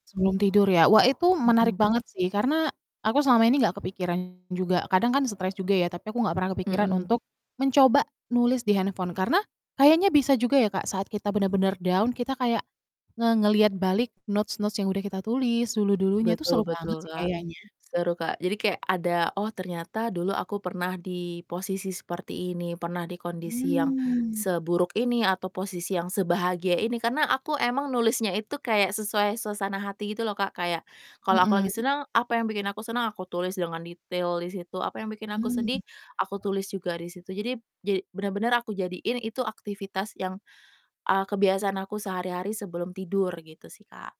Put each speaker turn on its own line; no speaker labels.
Sebelum tidur ya. Wah itu menarik
Hmm.
banget sih karena aku selama ini nggak kepikiran juga kadang kan stres juga ya, tapi aku nggak pernah kepikiran
Hmm.
untuk mencoba nulis di handphone. Karena kayaknya bisa juga ya, Kak, saat kita bener-bener down kita kayak nge ngelihat balik notes-notes yang udah kita tulis dulu-dulunya itu
Betul
seru banget
betul,
sih
Kak.
kayaknya.
Seru, Kak, jadi kayak ada, "Oh ternyata dulu aku pernah di posisi seperti ini pernah di kondisi yang
Mmm.
seburuk ini atau posisi yang sebahagia ini," karena aku emang nulisnya itu kayak sesuai suasana hati gitu loh, Kak. Kayak kalau aku lagi
Mhm.
seneng apa yang bikin aku senang aku tulis dengan detail di situ. Apa yang bikin aku
Hmm.
sedih aku tulis juga di situ. Jadi b ja benar-benar aku jadiin itu aktivitas yang, eee, kebiasaan aku sehari-hari sebelum tidur, gitu, sih, Kak.